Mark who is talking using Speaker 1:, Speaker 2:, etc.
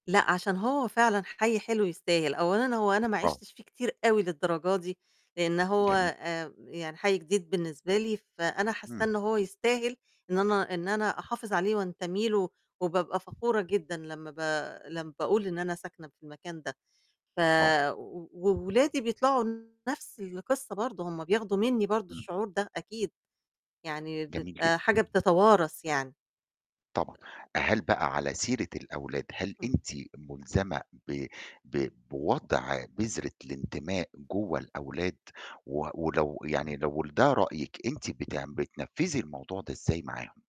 Speaker 1: لأ، عشان هو فعلًا حي حلو يستاهل، أولًا هو أنا ما
Speaker 2: آه.
Speaker 1: عِشتش فيه كتير أوي للدرجة دي، لأن هو
Speaker 2: جميل.
Speaker 1: آآ، يعني حي جديد بالنسبة لي، فأنا حاسّة
Speaker 2: إمم.
Speaker 1: إن هو يستاهل إن أنا إن أنا أحافظ عليه وانتمي له وبابقى فخورة جدًا لمّا ب لمّا باقول إن أنا ساكنة في المكان ده، ف
Speaker 2: آه.
Speaker 1: وولادي بيطلعوا نَفْس القصّة برضه، هُم بياخدوا مني برضه
Speaker 2: إمم.
Speaker 1: الشعور ده أكيد، يعني
Speaker 2: جميل
Speaker 1: بتبقى
Speaker 2: جدًا.
Speaker 1: حاجة بتتوارَث يعني.
Speaker 2: طبعًا.
Speaker 1: آآ
Speaker 2: هل بقى على سيرة الأولاد هل
Speaker 1: إمم.
Speaker 2: أنتِ مُلزمة ب ب بوضع بذرة الانتماء جوّه الأولاد، و ولو يعني لو ده رأيِك أنتِ بتعم بتنفِّذي الموضوع ده إزاي معاهم؟